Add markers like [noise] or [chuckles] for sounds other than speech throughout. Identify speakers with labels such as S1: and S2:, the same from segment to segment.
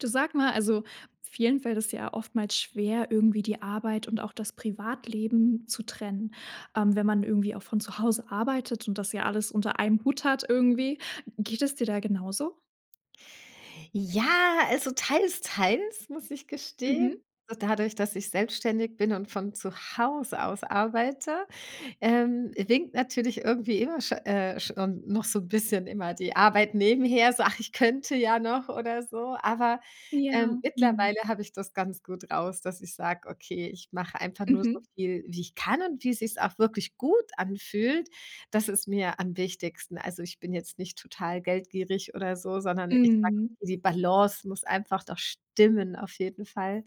S1: Du sag mal, also, vielen fällt es ja oftmals schwer irgendwie die Arbeit und auch das Privatleben zu trennen. Ähm, wenn man irgendwie auch von zu Hause arbeitet und das ja alles unter einem Hut hat irgendwie. Geht es dir da genauso?
S2: Ja, also, teils teils muss ich gestehen.
S1: Mmh.
S2: So dadurch, dass ich selbstständig bin und von zu Hause aus arbeite, ähm, winkt natürlich irgendwie immer scho äh, schon noch so 'n bisschen immer die Arbeit nebenher. So: „Ach, ich könnte ja noch“ oder so. Aber,
S1: Ja,
S2: ähm,
S1: mhm.
S2: mittlerweile habe ich das ganz gut raus, dass ich sage: „Okay, ich mache einfach nur so
S1: Mhm.
S2: viel, wie ich kann und wie es sich auch wirklich gut anfühlt.“ Das ist mir am wichtigsten. Also, ich bin jetzt nicht total geldgierig oder so, sondern ich sage,
S1: Mhm.
S2: die Balance muss einfach doch stimmen auf jeden Fall.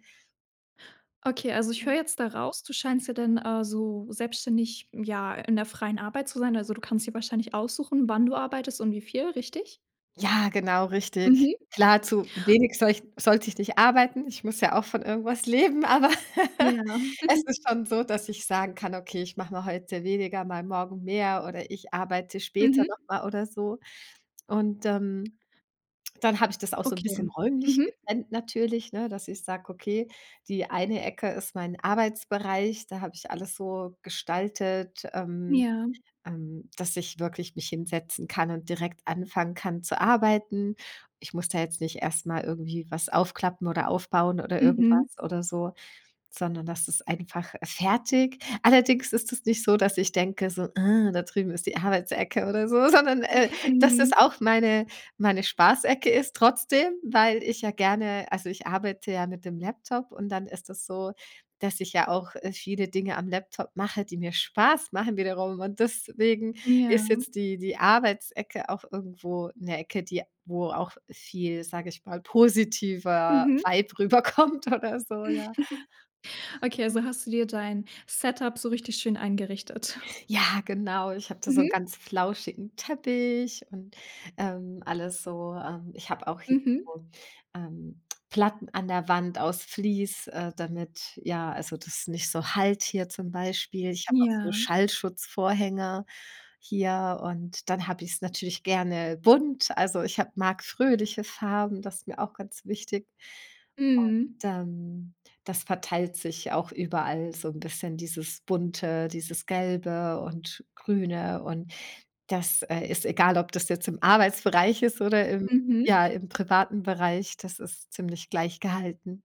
S1: Okay, also, ich
S2: Mhm.
S1: höre jetzt da raus, du scheinst ja dann, also, selbstständig, ja in der freien Arbeit zu sein. Also, du kannst dir wahrscheinlich aussuchen, wann du arbeitest und wie viel, richtig?
S2: Ja, genau, richtig.
S1: Mhm.
S2: Klar, zu wenig soll ich sollte ich nicht arbeiten. Ich muss ja auch von irgendwas leben, aber [laughs]
S1: Ja.
S2: es ist
S1: [chuckles]
S2: schon so, dass ich sagen kann: „Okay, ich mache mal heute weniger, mal morgen mehr oder ich arbeite später
S1: Mhm.
S2: noch mal“ oder so. Und, ähm, dann habe ich das auch so 'n
S1: Okay,
S2: bisschen räumlich
S1: mhm.
S2: getrennt natürlich, ne, dass ich sage: „Okay, die eine Ecke ist mein Arbeitsbereich.“ Da habe ich alles so gestaltet, ähm,
S1: Ja.
S2: ähm, dass ich wirklich mich hinsetzen kann und direkt anfangen kann zu arbeiten. Ich muss da jetzt nicht erst mal irgendwie was aufklappen oder aufbauen oder
S1: Mhm.
S2: irgendwas oder so, sondern das ist einfach fertig. Allerdings ist es nicht so, dass ich denke so, da drüben ist die Arbeitsecke oder so, sondern, äh,
S1: [snorts]
S2: dass es
S1: Mhm.
S2: auch meine meine Spaßecke ist trotzdem, weil ich ja gerne also, ich arbeite ja mit dem Laptop und dann ist das so, dass ich ja auch, äh, viele Dinge am Laptop mache, die mir Spaß machen wiederum und deswegen ist
S1: Ja.
S2: jetzt die die Arbeitsecke auch irgendwo 'ne Ecke, die wo auch viel, sage ich mal, positiver
S1: Mhm.
S2: Vibe rüberkommt oder so, ja.
S1: [chuckles] Okay, also,
S2: Mhm.
S1: hast du dir dein Setup so richtig schön eingerichtet? [snorts]
S2: Ja, genau. Ich habe da so 'n
S1: Mhm.
S2: ganz flauschigen Teppich und, ähm, alles so, ähm ich habe auch hier
S1: Mhm.
S2: so, ähm, Platten an der Wand aus Fleece, äh, damit ja, also, das ist nicht so hallt hier zum Beispiel. Ich habe auch so
S1: Ja.
S2: Schallschutzvorhänge hier und dann habe ich es natürlich gerne bunt. Also, ich habe mag fröhliche Farben, das ist mir auch ganz wichtig. Und
S1: Mhm.
S2: dann das verteilt sich auch überall so 'n bisschen dieses Bunte, dieses Gelbe und Grüne. Und das, äh, ist egal, ob das jetzt im Arbeitsbereich ist oder im
S1: Mhm.
S2: ja, im privaten Bereich, das ist ziemlich gleich gehalten.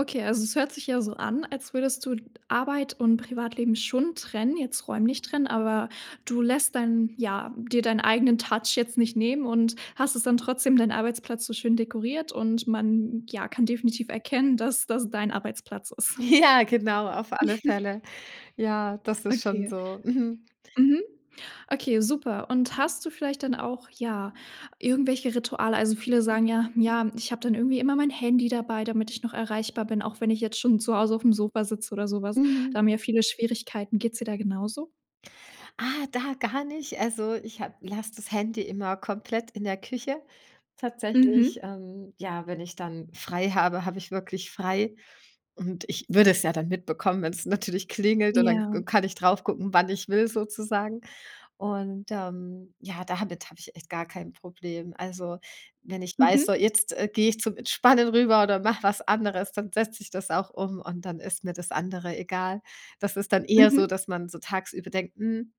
S1: Okay, also, es hört sich ja so an, als würdest du Arbeit und Privatleben schon trennen, jetzt räumlich trennen, aber du lässt dann, ja, dir deinen eigenen Touch jetzt nicht nehmen und hast es dann trotzdem deinen Arbeitsplatz so schön dekoriert und man, ja, kann definitiv erkennen, dass das dein Arbeitsplatz ist.
S2: Ja, genau, auf alle
S1: [chuckles]
S2: Fälle. Ja, das ist schon
S1: Okay.
S2: so. Mhm.
S1: Mhm. Okay, super und hast du vielleicht dann auch, ja, irgendwelche Rituale? Also, viele sagen ja: „Ja, ich habe dann irgendwie immer mein Handy dabei, damit ich noch erreichbar bin, auch wenn ich jetzt schon zu Hause auf 'm Sofa sitze oder so was.“ Da
S2: Mhm.
S1: haben ja viele Schwierigkeiten. Geht es dir da genauso?
S2: Ah, da gar nicht. Also, ich ha lasse das Handy immer komplett in der Küche. Tatsächlich,
S1: Mhm.
S2: ähm, ja, wenn ich dann frei habe, habe ich wirklich frei. Und ich würde es ja dann mitbekommen, wenn es natürlich klingelt und dann k
S1: Ja.
S2: kann ich drauf gucken, wann ich will sozusagen. Und, ähm, ja, damit habe ich echt gar kein Problem. Also, wenn ich weiß, so,
S1: Mhm.
S2: jetzt gehe ich zum Entspannen rüber oder mache was anderes, dann setze sich das auch um und dann ist mir das andere egal. Das ist dann eher
S1: Mhm.
S2: so, dass man so tagsüber denkt: „Hm,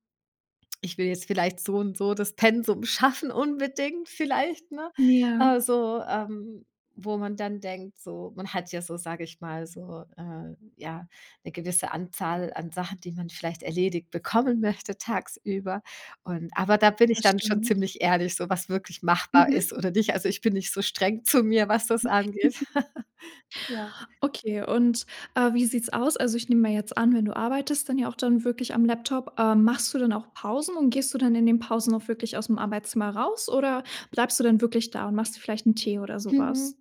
S2: ich will jetzt vielleicht so und so das Pensum schaffen unbedingt vielleicht, ne?“
S1: Ja.
S2: Äh, so, ähm wo man dann denkt so man hat ja so, sage ich mal, so, äh, ja 'ne gewisse Anzahl an Sachen, die man vielleicht erledigt bekommen möchte tagsüber. Und aber da bin ich
S1: Das
S2: dann schon
S1: stimmt.
S2: ziemlich ehrlich, so, was wirklich machbar ist
S1: Mhm.
S2: oder nicht. Also, ich bin nicht so streng zu mir, was das angeht.
S1: [chuckles]
S2: [laughs] Ja.
S1: Okay und, äh, wie sieht es aus? Also, ich nehme mal jetzt an, wenn du arbeitest, dann ja auch dann wirklich am Laptop, ähm, machst du dann auch Pausen und gehst du dann in den Pausen auch wirklich aus dem Arbeitszimmer raus oder bleibst du dann wirklich da und machst dir vielleicht 'n Tee oder sowas?
S2: Mhm.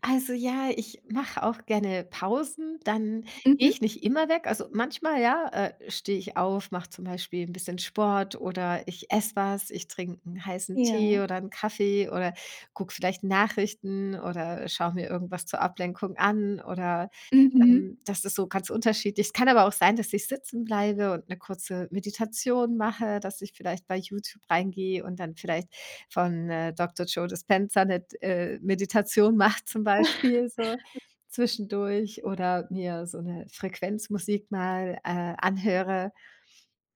S2: Also, ja, ich mache auch gerne Pausen, dann gehe
S1: Mhm.
S2: ich nicht immer weg. Also, manchmal ja, äh, stehe ich auf, mache zum Beispiel 'n bisschen Sport oder ich esse was, ich trinke 'n heißen Tee
S1: Ja.
S2: oder 'n Kaffee oder gucke vielleicht Nachrichten oder schaue mir irgendwas zur Ablenkung an oder,
S1: Mhm.
S2: ähm das ist so ganz unterschiedlich. Es kann aber auch sein, dass ich sitzen bleibe und 'ne kurze Meditation mache, dass ich vielleicht bei YouTube reingehe und dann vielleicht von, äh, Dr Joe Dispenza 'ne d äh, Meditation mache zum Beispiel so
S1: [laughs]
S2: zwischendurch oder mir so 'ne Frequenzmusik mal, äh, anhöre,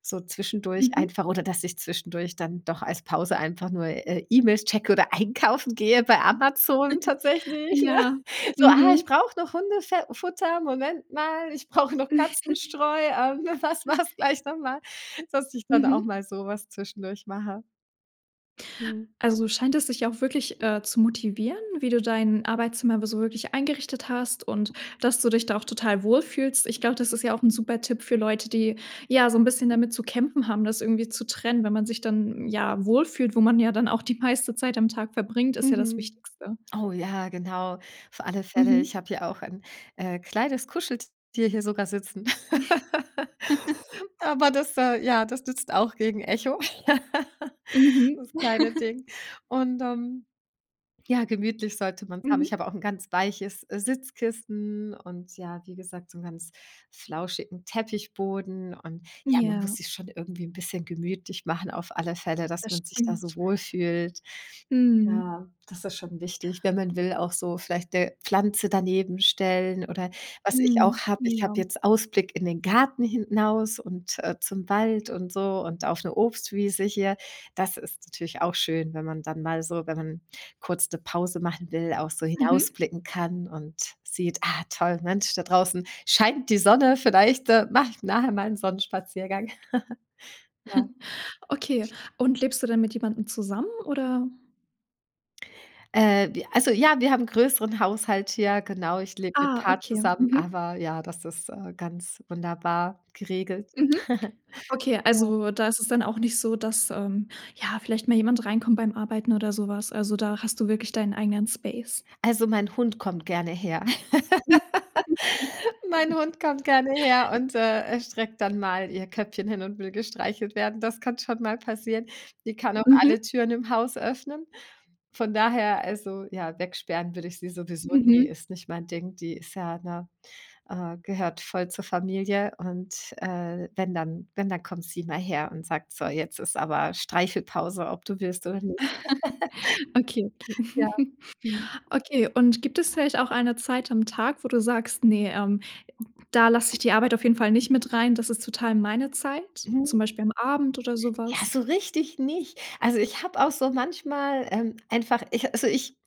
S2: so zwischendurch
S1: Mhm.
S2: einfach oder dass ich zwischendurch dann doch als Pause einfach nur, äh, E-Mails checke oder einkaufen gehe bei Amazon
S1: [chuckles]
S2: tatsächlich, ja.
S1: Ja.
S2: So, ah, ich
S1: Mhm.
S2: brauche noch Hundefe Futter, Moment mal, ich brauche noch
S1: [chuckles]
S2: Katzenstreu, ähm, was war es gleich noch mal dass ich dann auch
S1: Mhm.
S2: mal so was zwischendurch mache. Mhm.
S1: Also, scheint es sich auch wirklich, äh, zu motivieren, wie du dein Arbeitszimmer be so wirklich eingerichtet hast und dass du dich da auch total wohlfühlst. Ich glaube, das ist ja auch 'n super Tipp für Leute, die, ja, so 'n bisschen damit zu kämpfen haben, das irgendwie zu trennen, wenn man sich dann, ja, wohlfühlt, wo man ja dann auch die meiste Zeit am Tag verbringt, ist ja das
S2: Mhm.
S1: Wichtigste.
S2: Oh ja, genau, auf alle Fälle,
S1: Mhm.
S2: ich habe hier auch 'n, äh, kleines Kuscheltier hier sogar sitzen.
S1: [laughs]
S2: [laughs] Aber das, äh, ja das nützt auch gegen Echo, [laughs]
S1: Mhm.
S2: das kleine
S1: [laughs]
S2: Ding. Und, ähm, ja, gemütlich sollte man es haben. Ich
S1: Mhm.
S2: habe auch 'n ganz weiches Sitzkisten und ja, wie gesagt, so 'n ganz flauschigen Teppichboden. Und ja, man muss
S1: Ja.
S2: sich schon irgendwie 'n bisschen gemütlich machen auf alle Fälle, dass
S1: Das
S2: man sich da so
S1: stimmt.
S2: wohlfühlt.
S1: Mhm.
S2: Ja, das ist schon wichtig, wenn man will auch so vielleicht 'ne Pflanze daneben stellen. Oder was ich auch
S1: Mhm.
S2: habe, ich habe
S1: Ja.
S2: jetzt Ausblick in den Garten hinaus und, äh, zum Wald und so und auf 'ne Obstwiese hier. Das ist natürlich auch schön, wenn man dann mal so wenn man kurz 'ne Pause machen will, auch so
S1: Mhm.
S2: hinausblicken kann und sieht: „Ah, toll, Mensch, da draußen scheint die Sonne vielleicht, äh, mache ich nachher mal 'n Sonnenspaziergang.“ [laughs] Ja.
S1: [chuckles] Okay und lebst du dann mit jemandem zusammen oder
S2: Äh, we also, ja, wir haben größeren Haushalt hier, genau. Ich lebe mit
S1: Ah,
S2: paar
S1: okay,
S2: zusammen
S1: mhm.
S2: aber ja das ist, äh, ganz wunderbar geregelt. [chuckles]
S1: Mhm. Okay,
S2: Ja.
S1: also, da ist es dann auch nicht so, dass, ähm, ja vielleicht mal jemand reinkommt beim Arbeiten oder so was? Also, da hast du wirklich deinen eigenen Space.
S2: Also, mein Hund kommt gerne her.
S1: Okay.
S2: [chuckles] Mein Hund kommt gerne her und, äh, streckt dann mal ihr Köpfchen hin und will gestreichelt werden. Das kann schon mal passieren. Die kann auch
S1: Mhm.
S2: alle Türen im Haus öffnen. Von daher also, ja, weg sperren würde ich sie sowieso nie,
S1: Mhm.
S2: ist nicht mein Ding. Die ist ja, ne, äh gehört voll zur Familie. Und, äh, wenn dann wenn dann kommt sie mal her und sagt, so: „Jetzt ist aber Streichel-Pause, ob du willst oder nicht.“
S1: [chuckles]
S2: [chuckles] Ja. Mhm.
S1: Okay, okay.
S2: [chuckles] Ja.
S1: [chuckles]
S2: Mhm.
S1: Okay, und gibt es vielleicht auch eine Zeit am Tag, wo du sagst: „Ne, ähm, da lasse ich die Arbeit auf jeden Fall nicht mit rein, das ist total meine Zeit“,
S2: [unintelligible]
S1: zum Beispiel am Abend oder so
S2: Ja,
S1: was?
S2: so richtig nicht. Also, ich habe auch so manchmal, ähm, einfach ich also, ich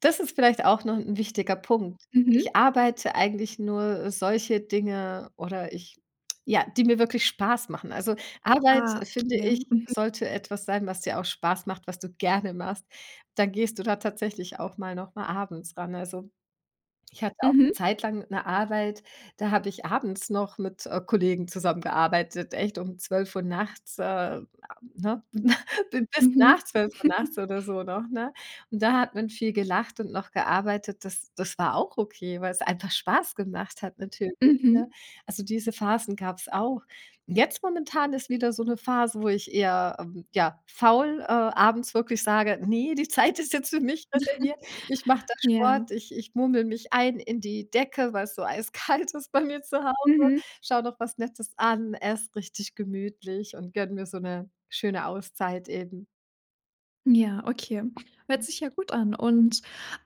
S2: das ist vielleicht auch noch 'n wichtiger Punkt. Ich
S1: Mhm.
S2: arbeite eigentlich nur solche Dinge oder ich ja, die mir wirklich Spaß machen. Also, Arbeit,
S1: Ah,
S2: finde
S1: okay,
S2: ich,
S1: mhm.
S2: sollte etwas sein, was dir auch Spaß macht, was du gerne machst. Dann gehst du da tatsächlich auch mal noch mal abends ran. Also, ich hatte auch 'ne
S1: Mhm.
S2: Zeit lang 'ne Arbeit, da habe ich abends noch mit, äh, Kollegen zusammengearbeitet, echt, um 12:00 nachts, äh, [unintelligible] ne? [chuckles] Bin bis
S1: Mhm.
S2: nach 12:00 nachts
S1: [chuckles]
S2: oder so noch, ne? Und da hat man viel gelacht und noch gearbeitet. Das das war auch okay, weil's einfach Spaß gemacht hat natürlich, ne?
S1: Mhm.
S2: Also, diese Phasen gab's auch. Jetzt momentan ist wieder so 'ne Phase, wo ich eher, ähm ja faul, äh, abends wirklich sage: „Ne, die Zeit ist jetzt für mich reserviert.“ Ich mache
S1: [chuckles]
S2: da
S1: Ja.
S2: Sport, ich ich murmel mich ein in die Decke, weil's so eiskalt ist bei mir zu Hause,
S1: Mhm.
S2: schaue noch was Nettes an, esse richtig gemütlich und gönne mir so 'ne schöne Auszeit eben.
S1: Ja, okay. Hört sich ja gut an und,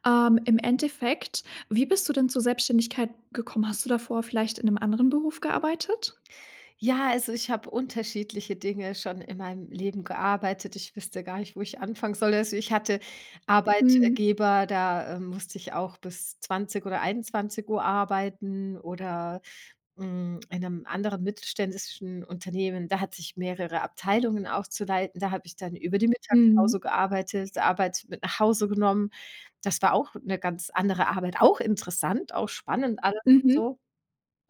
S1: ähm, im Endeffekt, wie bist du denn zur Selbstständigkeit gekommen? Hast du davor vielleicht in 'nem anderen Beruf gearbeitet?
S2: Ja, also, ich habe unterschiedliche Dinge schon in meinem Leben gearbeitet. Ich wüsste gar nicht, wo ich anfangen soll. Also, ich hatte
S1: Mhm.
S2: Arbeitgeber, da, äh, musste ich auch bis 20 oder 21:00 arbeiten oder, mm, in 'nem anderen mittelständischen Unternehmen, da hat ich mehrere Abteilungen auch zu leiten. Da habe ich dann über die
S1: Mhm.
S2: Mittagspause gearbeitet, Arbeit mit nach Hause genommen. Das war auch 'ne ganz andere Arbeit, auch interessant, auch spannend alles und
S1: Mhm.
S2: so.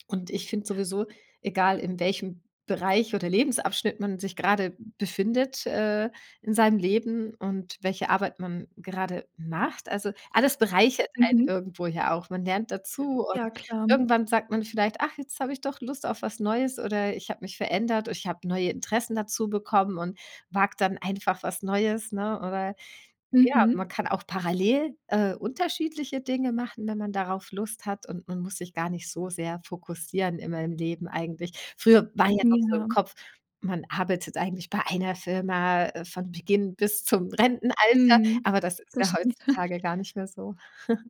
S2: Und ich finde sowieso, egal in welchem Bereich oder Lebensabschnitt man sich grade befindet, äh, in seinem Leben und welche Arbeit man grade macht, also, alles bereichert
S1: Mhm.
S2: einen irgendwo ja auch. Man lernt dazu und
S1: Ja, klar.
S2: irgendwann sagt man vielleicht: „Ach, jetzt habe ich doch Lust auf was Neues oder ich habe mich verändert, o ich habe neue Interessen dazu bekommen und wage dann einfach was Neues, ne?“ Oder ja, man
S1: Mhm.
S2: kann auch parallel, äh, unterschiedliche Dinge machen, wenn man darauf Lust hat und man muss sich gar nicht so sehr fokussieren immer im Leben eigentlich. Früher war ja noch so im
S1: Ja.
S2: Kopf, man arbeitet eigentlich bei 1 Firma von Beginn bis zum Rentenalter,
S1: Mhm,
S2: aber das ist
S1: das
S2: ja
S1: stimmt. [chuckles]
S2: heutzutage gar nicht mehr so. [chuckles]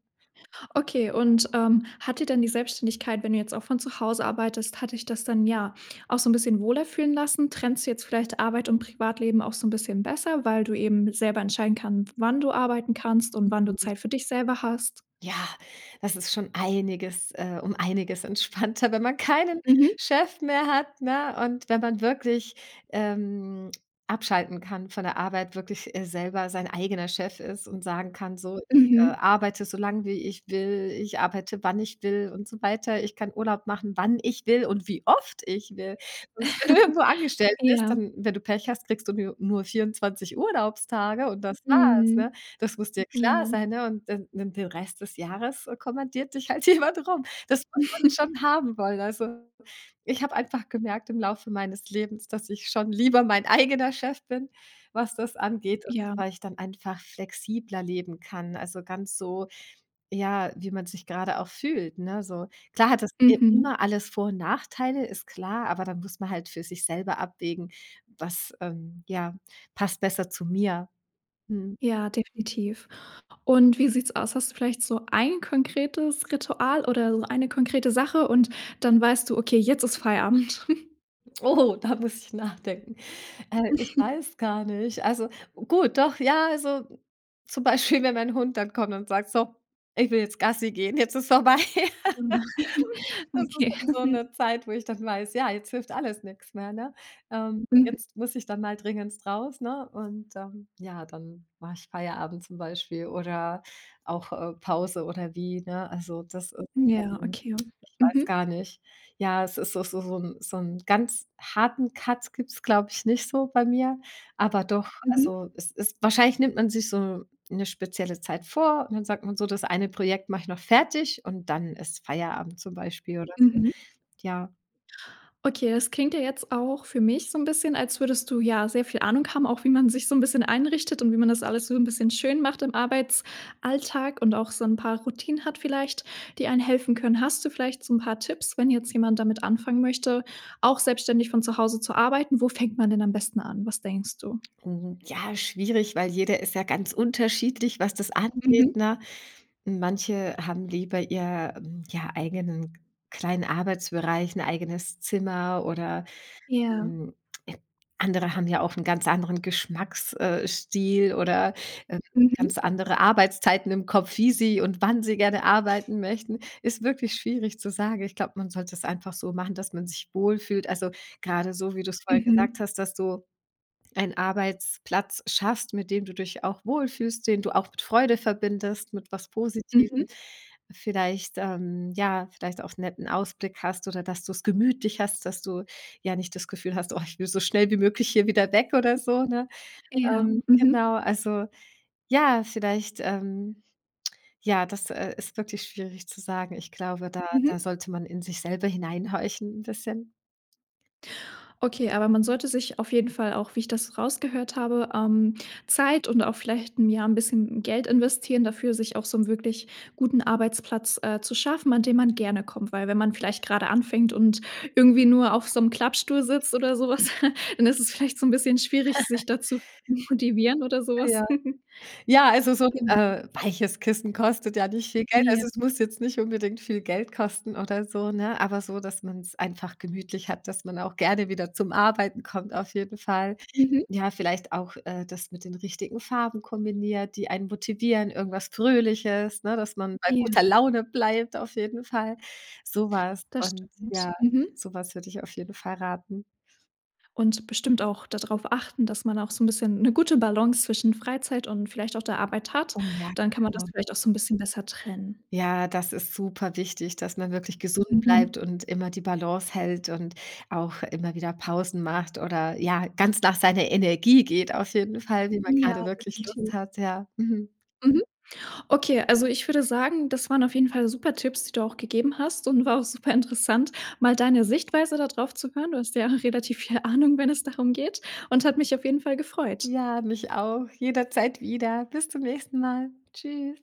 S1: Okay und, ähm, hat dir dann die Selbstständigkeit wenn du jetzt auch von zu Hause arbeitest, hat dich das dann, ja auch so 'n bisschen wohler fühlen lassen? Trennst du jetzt vielleicht Arbeit und Privatleben auch so 'n bisschen besser, weil du eben selber entscheiden kann, wann du arbeiten kannst und wann du
S2: [unintelligible]
S1: Zeit für dich selber hast?
S2: Ja, das ist schon einiges, äh um einiges entspannter, wenn man keinen
S1: Mhm.
S2: Chef mehr hat, ne, und wenn man wirklich, ähm, abschalten kann von der Arbeit, wirklich, äh, selber sein eigener Chef ist und sagen kann: „So, ich, äh,
S1: Mhm.
S2: arbeite so lang, wie ich will. Ich arbeite, wann ich will und so weiter. Ich kann Urlaub machen, wann ich will und wie oft ich will. Wenn du irgendwo
S1: [chuckles]
S2: angestellt bist,
S1: Ja.
S2: dann, wenn du Pech hast, kriegst du nu nur 24 Urlaubstage und das war's, ne?
S1: Mhm.
S2: Das muss dir klar
S1: Ja.
S2: sein, ne? Und dann dann den Rest des Jahres kommandiert dich halt jemand rum. Das muss man schon
S1: [chuckles]
S2: haben wollen. Also, ich habe einfach gemerkt im Laufe meines Lebens, dass ich schon lieber mein eigener Chef bin, was das angeht und
S1: Ja.
S2: weil ich dann einfach flexibler leben kann. Also, ganz so, ja, wie man sich grade auch fühlt, ne, so. Klar hat das, äh,
S1: Mhm.
S2: immer alles Vor und Nachteile, ist klar, aber da muss man halt für sich selber abwägen, was, ähm, ja, passt besser zu mir. Mhm.
S1: Ja, definitiv und wie sieht's aus? Hast du vielleicht so 1 konkretes Ritual oder so 1 konkrete Sache und dann weißt du: „Okay, jetzt ist Feierabend.“ [chuckles]
S2: Oh, da muss ich nachdenken. Äh, ich
S1: [chuckles]
S2: weiß gar nicht also, gut, doch, ja, also, zum Beispiel, wenn mein Hund dann kommt und sagt: „So, ich will jetzt Gassi gehen, jetzt ist vorbei.“ [laughs]
S1: [unintelligible] [chuckles] Okay.
S2: Das ist dann so
S1: [chuckles]
S2: 'ne Zeit, wo ich dann weiß, ja, jetzt hilft alles nix mehr, ne? Ähm,
S1: Mhm.
S2: jetzt muss ich dann mal dringenst raus, ne und, ähm, ja, dann mache ich Feierabend zum Beispiel oder auch, äh, Pause oder wie, ne? Also, das, ist,
S1: Hm, ja,
S2: ähm
S1: okay.
S2: ich weiß gar
S1: Mhm
S2: nicht. Ja, es ist doch so so 'n so 'n ganz harten Cut gibt es, glaube ich, nicht so bei mir. Aber doch,
S1: Mhm.
S2: also, es ist wahrscheinlich nimmt man sich so 'ne spezielle Zeit vor und dann sagt man so: „Das eine Projekt mach ich noch fertig und dann ist Feierabend zum Beispiel oder so.“
S1: Mhm.
S2: Ja.
S1: Okay, das klingt ja jetzt auch für mich so 'n bisschen, als würdest du, ja, sehr viel Ahnung haben, auch wie man sich so 'n bisschen einrichtet und wie man das alles so 'n bisschen schön macht im Arbeitsalltag und auch so 'n paar Routinen hat vielleicht, die einen helfen können. Hast du vielleicht so 'n paar Tipps, wenn jetzt jemand damit anfangen möchte, auch selbstständig von zu Hause zu arbeiten? Wo fängt man denn am besten an? Was denkst du?
S2: Mhm, ja, schwierig, weil jeder ist ja ganz unterschiedlich, was das
S1: Mhm.
S2: angeht, ne? Manche haben lieber ihr, hm, ja, eigenen kleinen Arbeitsbereich, 'n eigenes Zimmer oder,
S1: Ja.
S2: hm, andere haben ja auch 'n ganz anderen Geschmacks äh, Stil oder, äh,
S1: Mhm.
S2: ganz andere Arbeitszeiten im Kopf, wie sie und wann sie gerne arbeiten möchten. Ist wirklich schwierig zu sagen. Ich glaube, man sollte es einfach so machen, dass man sich wohlfühlt. Also, grade so, wie du es vorhin gesagt
S1: Mhm.
S2: hast, dass du einen Arbeitsplatz schaffst, mit dem du dich auch wohlfühlst, den du auch mit Freude verbindest, mit was Positivem,
S1: Mhm.
S2: vielleicht, ähm, ja vielleicht auch 'n netten Ausblick hast oder dass du es gemütlich hast, dass du ja nicht das Gefühl hast: „Oh, ich will so schnell wie möglich hier wieder weg oder so“, ne?
S1: Ja.
S2: Ähm,
S1: Mhm.
S2: genau, also, ja, vielleicht, ähm, ja das, äh, ist wirklich schwierig zu sagen. Ich glaube, da da
S1: Mhm.
S2: sollte man in sich selber hineinhorchen 'n bisschen.
S1: Okay, aber man sollte sich auf jeden Fall auch, wie ich das rausgehört habe, ähm, Zeit und auch vielleicht, hm, ja 'n bisschen Geld investieren dafür, sich auch so 'nen wirklich guten Arbeitsplatz, äh, zu schaffen, an dem man gerne kommt, weil wenn man vielleicht gerade anfängt und irgendwie nur auf so 'nem Klappstuhl sitzt oder sowas, [chuckles] dann ist es vielleicht so 'n bisschen schwierig
S2: [chuckles]
S1: sich da zu motivieren oder
S2: Ja,
S1: sowas.
S2: ja.
S1: [chuckles]
S2: Ja, also, so 'n,
S1: Genau.
S2: äh, weiches Kissen kostet ja nicht viel Geld.
S1: Ja.
S2: Also es muss jetzt nicht unbedingt viel Geld kosten oder so, ne, aber so, dass man's einfach gemütlich hat, dass man auch gerne wieder zum Arbeiten kommt auf jeden Fall.
S1: Mhm.
S2: Ja, vielleicht auch, äh, das mit den richtigen Farben kombiniert, die einen motivieren, irgendwas Fröhliches, ne, dass man bei
S1: Ja.
S2: guter Laune bleibt auf jeden Fall. So was
S1: Das
S2: und
S1: stimmt.
S2: ja
S1: Mhm.
S2: sowas würde ich auf jeden Fall raten.
S1: Und bestimmt auch da drauf achten, dass man auch so 'n bisschen 'ne gute Balance zwischen Freizeit und vielleicht auch der Arbeit hat.
S2: Oh, ja,
S1: Dann kann man das
S2: genau.
S1: vielleicht auch so 'n bisschen besser trennen.
S2: Ja, das ist superwichtig, dass man wirklich gesund
S1: Mhm.
S2: bleibt und immer die Balance hält und auch immer wieder Pausen macht oder ja, ganz nach seiner Energie geht auf jeden Fall, wie man
S1: Ja,
S2: grade wirklich Lust
S1: definitiv.
S2: hat, ja. Mhm.
S1: Mhm. Okay, also, ich würde sagen, das waren auf jeden Fall super Tipps, die du auch gegeben hast und war auch super interessant, mal deine Sichtweise da drauf zu hören. Du hast ja relativ viel Ahnung, wenn es darum geht und hat mich auf jeden Fall gefreut.
S2: Ja, mich auch jederzeit wieder. Bis zum nächsten Mal. Tschüss.